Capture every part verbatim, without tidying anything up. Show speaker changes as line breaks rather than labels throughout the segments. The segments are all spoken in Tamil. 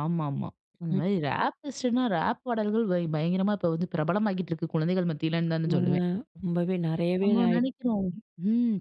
ஆமாமா.
ம்.
அந்தமாரி இது ரேப் லிஸ்ட்னா, ரேப் பாடல்கள் வை பயங்கரமா இப்ப வந்து பிரபலமாகிக்கிட்டு இருக்கு, குழந்தைகள் மத்தியிலன்தான்னு
ஆமாங்க.
சொல்லுவேன்.
ரொம்பவே நிறையவே
நம்ம
ஆயிருக்கு.
நினைக்கிறோம், ம்.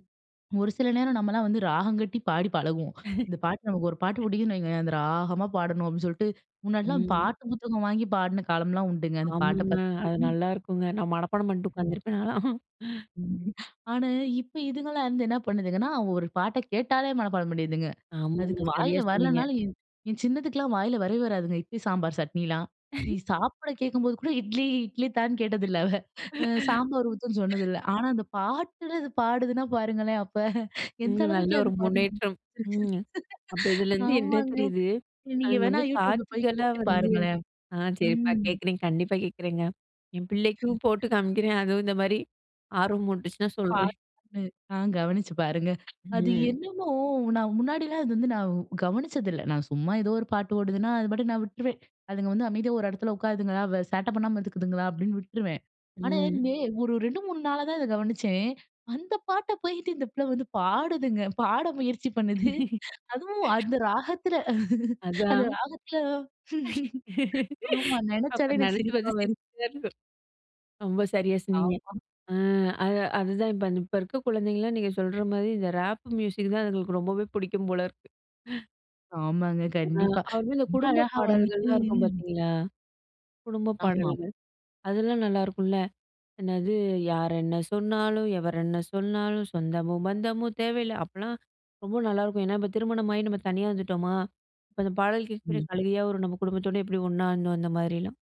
ஒரு சில நேரம் நம்மலாம் வந்து ராகம் கட்டி, பாடி பழகுவோம். இந்த பாட்டு, நமக்கு ஒரு பாட்டு பிடிக்குதுன்னு வைங்களேன், அந்த ராகமா பாடணும் அப்பிடின்னு சொல்ட்டு, முன்னாடிலாம்
ம்.
பாட்டு புத்தகம் வாங்கி பாடின காலம்லாம் உண்டுங்க. அந்த பாட்ட
ஆமாங்க.
பார்த்துட்டு
அது
[unintelligible]
நல்லாயிருக்குங்க. நான் மனப்பாடம் பண்ணிட்டு
ம்.
உட்காந்துருப்பேன், நான்லாம்.
ஆனா, இப்ப இதுங்கலாம் வந்து என்ன பண்ணுதுகன்னா, அவுங்க ஒரு பாட்ட கேட்டாலே, மனப்பாடம் பண்ணிருதுங்க.
ஆமாங்க.
அதுக்கு
சரியா
வாயில
சொன்னீங்க.
வரலனாலும் என், என் சின்னதுக்கெல்லாம் வாயில வரவே வராதுங்க. இட்லி, சாம்பார், சட்னிலாம். இ சாப்பிட கேட்கும்போது கூட இட்லி இட்லி தான்னு கேட்டதில்லை, அவ. அ சாம்பார் ஊத்துன்னு சொன்னதில்ல. ஆனா அந்த பாட்டுல அது பாடுதுனா பாருங்களேன்! அப்ப எந்த
ம். நல்ல ஒரு
அளவுக்குலாம் பதிஞ்சிருக்கு.
முன்னேற்றம், ம். அப்ப இதுலேருந்து என்ன
ஆமாங்க.
தெரியுது? அது
நீங்க
வந்து
வேணா YouTubeல போய்
காட்சிகளா
கேட்டு
வந்து
பாருங்களேன்!
ஆ சரிப்பா.
ம்.
கேட்குறேன். கண்டிப்பா கேட்குறேங்க. என் பிள்ளைக்கும் போட்டு காமிக்கிறேன், அதுவும் இந்த மாரி ஆர்வமூட்டுச்சுன்னா, சொல்றேன்.
பாட்டு ஆ கவனிச்சு பாருங்க. அது
ம்.
என்னமோ, நான் முன்னாடிலாம் அது வந்து நான் கவனிச்சதில்ல. நான் சும்மா ஏதோ ஒரு பாட்டு ஓடுதுன்னா, அது பாட்டுக்கு நான் விட்டுருவேன். அதுங்க வந்து அமைதியா ஒரு இடத்துல உட்காருதுங்களா! வ சேட்ட பண்ணாம இருந்துக்குதுங்களா! அப்பிடின்னு விட்டுருவேன். ஆனா,
ம்.
நே ஒரு ரெண்டு, மூணு நாளா தான் இத கவனிச்சேன். அந்த பாட்ட போயிக்கிட்டு இந்த பிள்ள வந்து பாடுதுங்க. பாட முயற்சி பண்ணுது, அதுவும் அந்த ராகத்தில. அந்த
அதான்.
ராகத்தில ஆமா.
அப்ப,
நினச்சாலே எனக்கு
நினைச்சி
சிரிப்பா
பாத்தா
வருது.
சிரிப்பு, சிரிப்பாருக்கும். ரொம்ப சரியா சொன்னீங்க.
ஆமா.
அ அது அதுதான். இப்ப, இப்ப இருக்க குழந்தைங்களலாம் நீங்க சொல்றமாரி இந்த ராப் மியூசிக் தான் அதுங்களுக்கு ரொம்பவே பிடிக்கும் போல இருக்கு.
ஆமாங்க.
அ
கண்டிப்பா.
அதுல
ரொம்ப
குடும்ப
அழகா வந்துட்டு
பாடல்கள்லாம் இருக்கும், பார்த்தீங்களா? குடும்பப்
ஆமாம்.
பாடல்கள். அதெல்லாம் நல்லாயிருக்கும்ல. என்னது? "யார் என்ன சொன்னாலும், எவர் என்ன சொன்னாலும் சொந்தமோ! பந்தமோ! தேவையில்ல." அப்புட்லாம் ரொம்ப நல்லாயிருக்கும். ஏன்னா, இப்ப திருமணமாகி நம்ம தனியா வந்துட்டோமா! இப்ப அந்த பாடல் கேட்க கூட
ம்.
அழுகையா வரும். நம்ம குடும்பத்தோட எப்பிடி ஒண்ணா இருந்தோம்! அந்த மாதிரியெல்லாம்.